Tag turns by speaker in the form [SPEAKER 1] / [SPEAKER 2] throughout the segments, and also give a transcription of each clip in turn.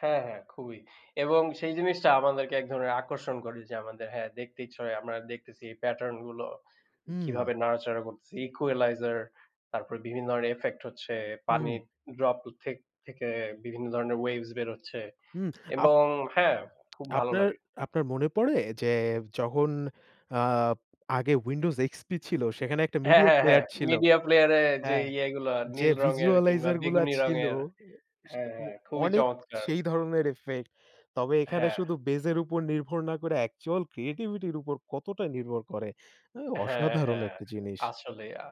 [SPEAKER 1] হ্যাঁ, হ্যাঁ খুবই। এবং সেই জিনিসটা আমাদেরকে এক ধরনের আকর্ষণ করে যে আমাদের হ্যাঁ, দেখতে ইচ্ছা হয়। আমরা দেখতেছি এই pattern গুলো
[SPEAKER 2] হুম।
[SPEAKER 1] কিভাবে নাড়াচাড়া করতেছি। equalizer তারপরে বিভিন্ন ইফেক্ট হচ্ছে।
[SPEAKER 2] হুম।
[SPEAKER 1] পানির ড্রপ থেক থেকে বিভিন্ন ধরনের ওয়েভস বেরোচ্ছে।
[SPEAKER 2] হুম। আপ
[SPEAKER 1] এবং হ্যাঁ, খুব ভালো
[SPEAKER 2] আপনার
[SPEAKER 1] লাগে।
[SPEAKER 2] আপনার মনে পড়ে যে যখন আ আগে Windows XP ছিল। সেখানে একটা
[SPEAKER 1] হ্যাঁ,
[SPEAKER 2] মিডিয়া
[SPEAKER 1] হ্যাঁ, হ্যাঁ।
[SPEAKER 2] প্লেয়ার ছিল।
[SPEAKER 1] media player -এ যে
[SPEAKER 2] হ্যাঁ,
[SPEAKER 1] ইয়েগুলো
[SPEAKER 2] যে
[SPEAKER 1] নীল রঙের কিংবা
[SPEAKER 2] visualizer গুলা
[SPEAKER 1] বেগুনি
[SPEAKER 2] ছিল
[SPEAKER 1] রঙের।
[SPEAKER 2] অ্যা সে
[SPEAKER 1] হ্যাঁ,
[SPEAKER 2] মো
[SPEAKER 1] হ্যাঁ খুবই
[SPEAKER 2] অনেক
[SPEAKER 1] চমৎকার।
[SPEAKER 2] সেই ধরনের ইফেক্ট। তবে এখানে
[SPEAKER 1] হ্যাঁ।
[SPEAKER 2] শুধু base এর উপর নির্ভর না করে actual creativity -র উপর কতটা নির্ভর করে। অ্যাঁ
[SPEAKER 1] হ্যাঁ,
[SPEAKER 2] অসাধারণ
[SPEAKER 1] হ্যাঁ।
[SPEAKER 2] একটা জিনিস।
[SPEAKER 1] আসলেই আ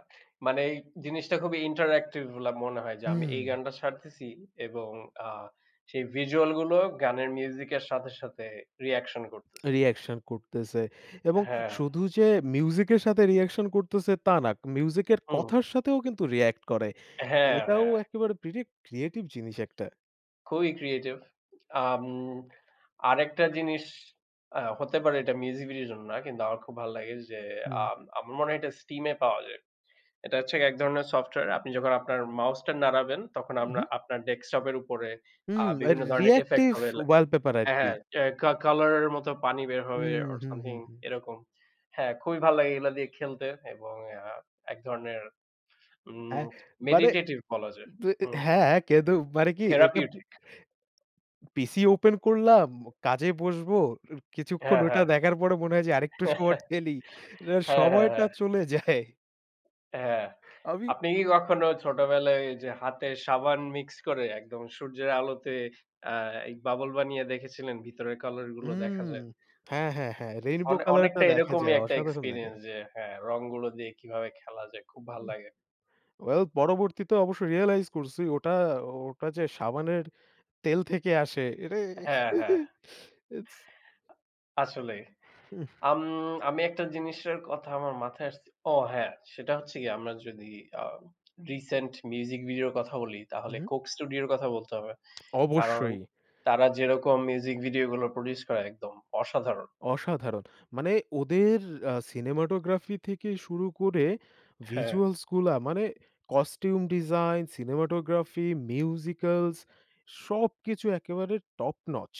[SPEAKER 1] মানে এই জিনিসটা খুবই interactive বলে মনে হয়। যে আমি এই
[SPEAKER 2] হুম।
[SPEAKER 1] গানটা সারতেছি এবং আ সেই ভিজুয়াল গুলো গানের মিউজিক এর সাথে, সাথে রিঅ্যাকশন করতেছে।
[SPEAKER 2] রিঅ্যাকশন করতেছে। এবং
[SPEAKER 1] হ্যাঁ।
[SPEAKER 2] শুধু যে মিউজিক এর সাথে রিঅ্যাকশন করতেছে তা না। মিউজিক এর
[SPEAKER 1] হুম।
[SPEAKER 2] কথার সাথেও কিন্তু রিঅ্যাক্ট করে।
[SPEAKER 1] হ্যাঁ,
[SPEAKER 2] এটাও
[SPEAKER 1] হ্যাঁ।
[SPEAKER 2] একেবারে pretty creative জিনিস একটা।
[SPEAKER 1] খুবই ক্রিয়েটিভ। আম আরেকটা জিনিস আ হতে পারে এটা মিউজিক ভিডিওর জন্য না। কিন্তু আমার খুব ভাল লাগে, যে
[SPEAKER 2] হুম।
[SPEAKER 1] আম আমার মনে হয় এটা Steam -এ পাওয়া যায়। এটা হচ্ছে এক ধরনের সফটওয়্যার। আপনি যখন আপনার মাউসটা নাড়াবেন তখন আমরা
[SPEAKER 2] উহুম।
[SPEAKER 1] আপনার ডেস্কটপের উপরে আ
[SPEAKER 2] হুম, অ্যা রি
[SPEAKER 1] বিভিন্ন ধরনের ইফেক্ট
[SPEAKER 2] reactive
[SPEAKER 1] হবে লা
[SPEAKER 2] wallpaper
[SPEAKER 1] হ্যাঁ,
[SPEAKER 2] আরকি।
[SPEAKER 1] হ্যাঁ কা কালার এর মতো পানি বের হবে
[SPEAKER 2] হুম,
[SPEAKER 1] or
[SPEAKER 2] হুম, হুম,
[SPEAKER 1] something
[SPEAKER 2] হুম।
[SPEAKER 1] এরকম। হ্যাঁ, খুবই ভাল লাগে এগুলা দিয়ে খেলতে এবং আ এক ধরনের ম
[SPEAKER 2] হ্যাঁ মানে,
[SPEAKER 1] meditative বলা যায়।
[SPEAKER 2] [unintelligible]
[SPEAKER 1] হুম।
[SPEAKER 2] হ্যাঁ, কিন্তু মানে কি এটা
[SPEAKER 1] therapeutic
[SPEAKER 2] পিসি ওপেন করলাম, কাজে বসবো। কিছুক্ষন
[SPEAKER 1] হ্যাঁ,
[SPEAKER 2] ওইটা
[SPEAKER 1] হ্যাঁ।
[SPEAKER 2] দেখার পরে মনে হয় যে আরেকটু সময় ঠেলি এরার
[SPEAKER 1] হ্যাঁ, হ্যাঁ,
[SPEAKER 2] সময়টা
[SPEAKER 1] হ্যাঁ।
[SPEAKER 2] চলে যায়।
[SPEAKER 1] হ্যাঁ।
[SPEAKER 2] আমি
[SPEAKER 1] আপনি কি কখনো ছোটবেলায় ঐযে হাতে সাবান মিক্স করে একদম সূর্যের আলোতে আ বাবল বানিয়ে দেখেছিলেন? ভিতরের কালার গুলো দেখা
[SPEAKER 2] হুম,
[SPEAKER 1] যায়?
[SPEAKER 2] হ্যাঁ, হ্যাঁ, হ্যাঁ রেইনবো
[SPEAKER 1] অনে
[SPEAKER 2] কালার টা
[SPEAKER 1] অনেকটা
[SPEAKER 2] দেখা
[SPEAKER 1] এরকমই
[SPEAKER 2] যায়
[SPEAKER 1] একটা
[SPEAKER 2] অসাধারণ লাগে।
[SPEAKER 1] এক্সপেরিয়েন্স যে হ্যাঁ, রংগুলো দিয়ে কিভাবে খেলা যায় খুব ভাল লাগে।
[SPEAKER 2] ওয়েল পরবর্তীতে অবশ্য রিয়ালাইজ করছি ওটা ওটা যে সাবানের তেল থেকে আসে এটা।
[SPEAKER 1] হ্যাঁ, হ্যাঁ।
[SPEAKER 2] ইটস
[SPEAKER 1] আসলেই।
[SPEAKER 2] হুম।
[SPEAKER 1] আম আমি একটা জিনিসের কথা আমার মাথায় আসছে। ও হ্যাঁ, সেটা হচ্ছে গিয়ে আমরা যদি আ রিসেন্ট মিউজিক ভিডিওর কথা বলি
[SPEAKER 2] হুম,
[SPEAKER 1] তাহলে
[SPEAKER 2] হুম।
[SPEAKER 1] Coke Studio এর কথা বলতে হবে। কারণ
[SPEAKER 2] অবশ্যই।
[SPEAKER 1] তারা যেরকম মিউজিক ভিডিওগুলো প্রোডিউস করে একদম অসাধারণ।
[SPEAKER 2] অসাধারণ মানে ওদের আ cinematography থেকে শুরু করে
[SPEAKER 1] হ্যাঁ।
[SPEAKER 2] ভিজুয়ালস গুলা মানে কস্টিউম ডিজাইন, সিনেমাটোগ্রাফি, মিউজিক্যালস সবকিছু একেবারে টপ নচ।